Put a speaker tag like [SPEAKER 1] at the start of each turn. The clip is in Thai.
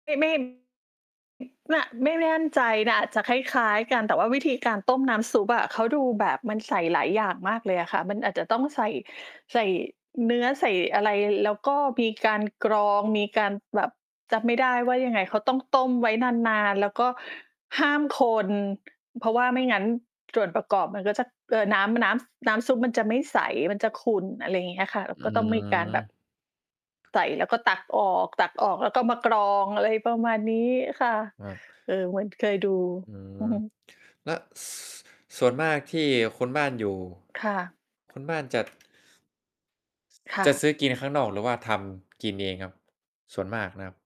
[SPEAKER 1] ไม่ ไม่ เนี่ยไม่มั่นใจนะอาจจะคล้าย ๆ กัน แต่ว่าวิธีการต้มน้ำซุปอะ เขาดูแบบมันใส่หลายอย่างมากเลยอะค่ะ มันอาจจะต้องใส่ ใส่เนื้อ ใส่อะไร แล้วก็มีการกรอง มีการแบบ จำไม่ได้ว่ายังไง เขาต้องต้มไว้นาน ๆ แล้วก็ห้ามคน เพราะว่าไม่งั้น ส่วนประกอบ มันก็จะ เอ่อ น้ำ น้ำ ซ น้ำซุปมันจะไม่ใส มันจะขุ่น อะไรอย่างเงี้ยค่ะ แล้
[SPEAKER 2] อ
[SPEAKER 1] ว
[SPEAKER 2] ื
[SPEAKER 1] ก็ต้องมีการแบบ
[SPEAKER 2] ม
[SPEAKER 1] ใส่แล้วก็ตักออก ตักออกแล้วก็มากรอง อะไรประมาณนี้ค่ะ
[SPEAKER 2] ว่า
[SPEAKER 1] เออ เหมือน เคยดู
[SPEAKER 2] อื
[SPEAKER 1] อือ
[SPEAKER 2] ม
[SPEAKER 1] ฮึ
[SPEAKER 2] และ ส ส่วนมากที่คนบ้านอยู่
[SPEAKER 1] ค่ะ
[SPEAKER 2] คุณบ้านจัด
[SPEAKER 1] ค่
[SPEAKER 2] จะ
[SPEAKER 1] ะ
[SPEAKER 2] ซื้อกินข้างนอก หรือว่าทำกินเองครับ ส่วนมากนะครับ?